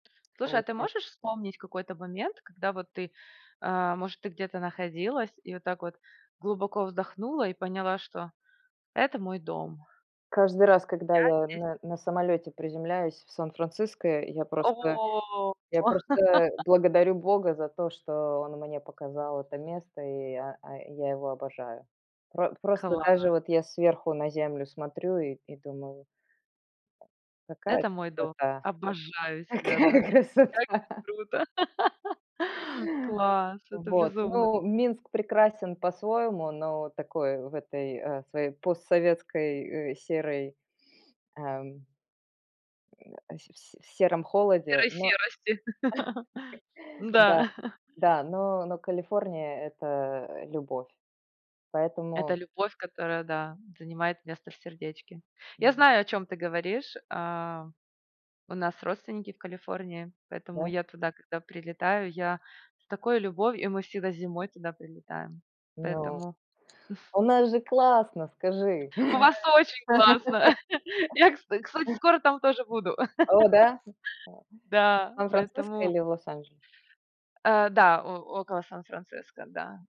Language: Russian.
Слушай, а ты Получи можешь вспомнить какой-то момент, когда вот ты, э, может, ты где-то находилась и вот так вот глубоко вздохнула и поняла, что это мой дом? Каждый раз, когда Я я здесь на на самолёте приземляюсь в Сан-Франциско, я Э, просто во. я просто, э, благодарю бога за то, что он мне показал это место, и я, э, я его обожаю. Пр просто даже Класс. вот я сверху на землю смотрю и и думаю "Какая Это мой дом. красота, Обожаю как себя, да? какая Как красота". здесь круто. Класс. Это Вот, безумно к ну, Минск прекрасен по-своему, но такой в этой, э, своей постсоветской, э, серой, эм а се в се в сером холоде, Серой но, серости. да, М-да. да, но но Калифорния- это любовь. Это Поэтому любовь, которая, да, занимает место в сердечке. Я Мгм. знаю, о чём ты говоришь. А, у нас родственники в Калифорнии, поэтому Да? я туда, когда прилетаю, я с такой любов и мы всегда зимой туда прилетаем. Ну, Поэтому у нас же классно, скажи? У вас очень классно! Я, кстати, сок скоро там тоже буду. О да? В Да, Сан-Франциско поэтому или Лос-Анджелес? Э, да, о около Сан-Франциско, да.